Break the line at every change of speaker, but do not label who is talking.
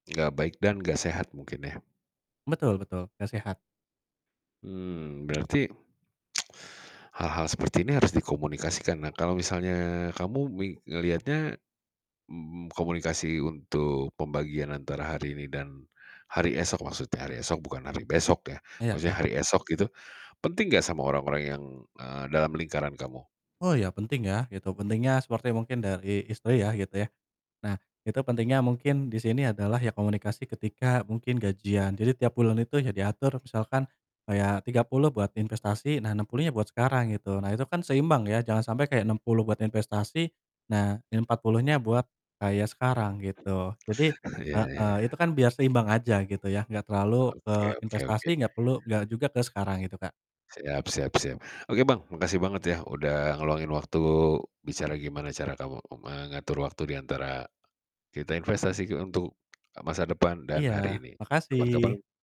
Gak baik dan gak sehat mungkin ya?
Betul betul, gak sehat.
Mmm, berarti hal-hal seperti ini harus dikomunikasikan. Nah, kalau misalnya kamu mi ngeliatnya m m komunikasi untuk pembagian antara hari ini dan hari esok maksudnya hari esok bukan hari besok ya,
Iya
maksudnya
iya.
hari esok itu, penting gak sama orang-orang yang, eee, dalam lingkaran kamu?
Oh, ya, penting ya, gitu. Pentingnya seperti mungkin dari istri ya gitu ya. Nah itu pentingnya mungkin di sini adalah ya komunikasi ketika mungkin gajian. Jadi tiap bulan itu ya diatur misalkan kayak 30 buat investasi, nah 60-nya buat sekarang gitu. Nah itu kan seimbang ya, jangan sampai kayak 60 buat investasi, nah 40-nya buat kayak sekarang gitu. Jadi
Oh, ya
heeh,
ya.
itu kan biar seimbang aja gitu ya, gak terlalu
Oke
ke
oke oke.
investasi, gak perlu gak juga ke sekarang gitu, Kak.
Siap siap siap. Oke Bang makasih banget ya udah ngeluangin waktu bicara gimana cara kamu mengatur waktu di antara kita investasi untuk masa depan dan
Iya,
hari ini,
makasih.
kapan-kapan